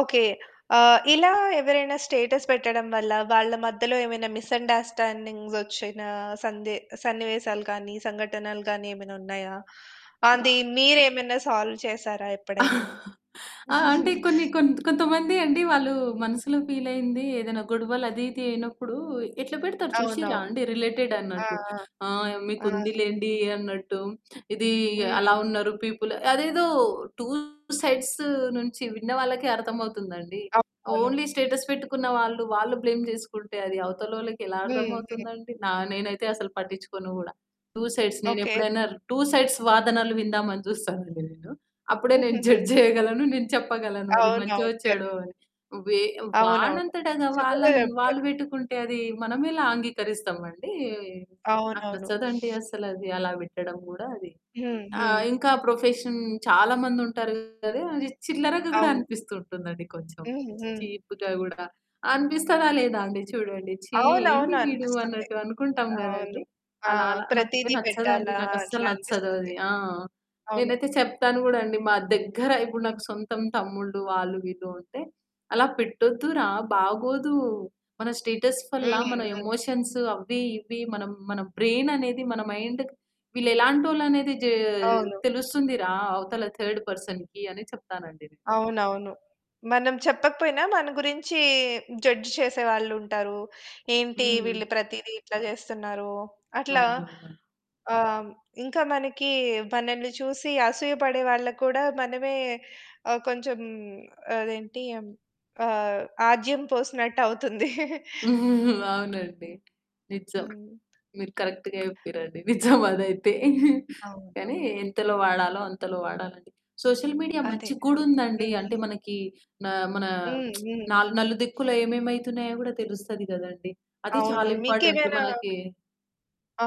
Okay. ఆ! ఇలా ఎవరైనా స్టేటస్ పెట్టడం వల్ల వాళ్ళ మధ్యలో ఏమైనా మిస్‌అండర్‌స్టాండింగ్స్ వచ్చిన సందే సన్నివేశాలు కాని సంఘటనలు గాని ఏమైనున్నాయా? అది అవ మీరేమైనా సాల్వ్ చేసారా? ఎప్పుడైనా? ఆ! అంటే కొన్ని కొంత్ కొంతమంది అండి వాళ్ళు మనసులో ఫీలయింది ఏదైనా గొడవలు అది ఇది అయినప్పుడు ఎట్లా పెడతారు చూషిర్రా అవునవును. అండి. రిలేటెడ్ ఆ! అన్నట్టు. ఆ! ఆ! మీకు అవును. ఉందిలెండి అన్నట్టు. ఇదీ, హ్మ్. అలా ఉన్నారు పీపుల్ అదేదో టూ సైడ్స్ నుంచి విన్న వాళ్ళకి అర్థమవుతుందండి. అవ్ అవును. ఓన్లీ స్టేటస్ పెట్టుకున్న వాళ్ళు, వాళ్ళు బ్లేమ్ జేసుకుంటే అది అవతలోళ్ళకి ఎలా హ్మ్. హ్మ్. అర్థమవుతుందండి. నా నేనైతే అసలు పట్టిచ్చుకోను గూడా. Two sides. ఓకే. నేనెప్పుడైనా టూ సైడ్స్ వాదనలు విందామని చూస్తానండి నేను. అప్పుడే నేను హుహుహు. జడ్జ్ జేయగలను. నేను చెప్పగలను అది మంచో అవునవును. కరెక్ట్. చెడో అని. వే అవునవును. వాడంతటగా చక్కగా వాళ్ళన్ వాళ్ళు చెప్పారు. పెట్టుకుంటే అది మనమెలా అంగీకరిస్తామండి. నాకు అవునవును. నచ్చదండి అస్సలది అలా పెట్టడం కూడా అది. హ్మ్. ఆ! హ్మ్. ఇంకా ప్రొఫెషన్ చాలా మందుంటారు గదా! అది చిల్లరగా గూడా అవును. అనిపిస్తుంటుందండి కొంచెం. హ్మ్. హ్మ్. చీప్‌గా గూడా. అనిపిస్తదా లేదా అండి చూడండి "ఛీ అవును. ఏంది అవును. వీడు" అనిపిస్తుంది. అన్నట్టు అనుకుంటాం అవును. గదండీ. ఆ! అలా అలా నాకయితే ప్రతీది నచ్చదండి. పెట్టాలా? అట్లా నాకస్సలు నచ్చదు అనిపిస్తుంది. అది. ఆ! అవును. నేనైతే చెప్తాను కూడా అండి. మా దగ్గర ఇప్పుడు హ్మ్. నాకు సొంతం తమ్ముళ్ళు వాళ్ళు వీళ్ళు ఉంటే "అలా పెట్టొద్దు రా బాగోదు." మన స్టేటస్ వల్ల హ్మ్. మన హ్మ్. ఎమోషన్స్ అవ్వి, ఇవ్వి మనం మన బ్రెయిన్ అనేది మన మైండ్ వీళ్ళు ఎలాంటోళ్ళనేది జా అవును. తెలుస్తుంది రా, అవతల థర్డ్ పర్సన్‌కి అని చెప్తానండి నేను. అవునవును. మనం చెప్పకపోయినా మన గురించి జడ్జ్ చేసే వాళ్ళుంటారు. ఏంటి హ్మ్. వీళ్ళు ప్రతీది ఇట్లా చేస్తున్నారు. అట్లా అవునవునండి. ఆహ్, హ్మ్. ఇంకా మనకి మనల్ని చూసి అసూయపడే వాళ్ళకి కూడా మనమే ఆహ్, కొంచెం అదేంటి ఆహ్, ఆజ్యం పోసినట్టవుతుంది. అవునండి. నిజం హ్మ్. మీరు కరెక్ట్‌గా చెప్పిరండీ. నిజం అదైతే. అవును. కానీ ఎంతలో వాడాలో అంతలో వాడాలది. సోషల్ మీడియా అదే. మంచిగ గూడుందండి. హ్మ్. అంటే మనకి నా మన హ్మ్. హ్మ్. నాల్ నలుదిక్కులో ఏమేమి అయితున్నాయో గూడా తెలుస్తది గదండీ. అది అవును. చాలా ఇంపార్టెంట్ మీకేమైనా మనకి. ఆ!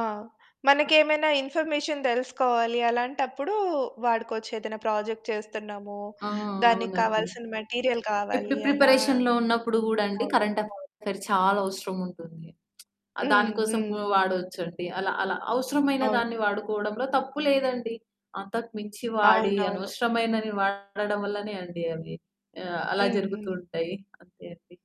మనకేమైనా ఇన్ఫర్మేషన్ తెలుసుకోవాలి అలాంటప్పుడు వాడుకొవచ్చు. ఏదైనా ప్రాజెక్ట్ చేస్తున్నాము ఆ! దానికి అవునండి. కావాల్సిన మెటీరియల్ ఇప్పుడు కావాలి అనా ప్రిపరేషన్‌లో ఉన్నప్పుడు గూడండి, అవును. కరెంట్ అవును. అఫెయిర్ చాలా అవసరముంటుంది. దాని హ్మ్. కోసం హ్మ్. వాడొచ్చండి. అలా అలా అవసరమైన అవును. దాన్ని వాడుకోవడంలో తప్పు లేదండి. అంతకుమించి వాడి అవునవును. అనవసరమైనవి వాడడం వల్లనే అండి అవి ఆహ్, అలా జరుగుతూ హుహు. ఉంటాయి. అంతే అండి.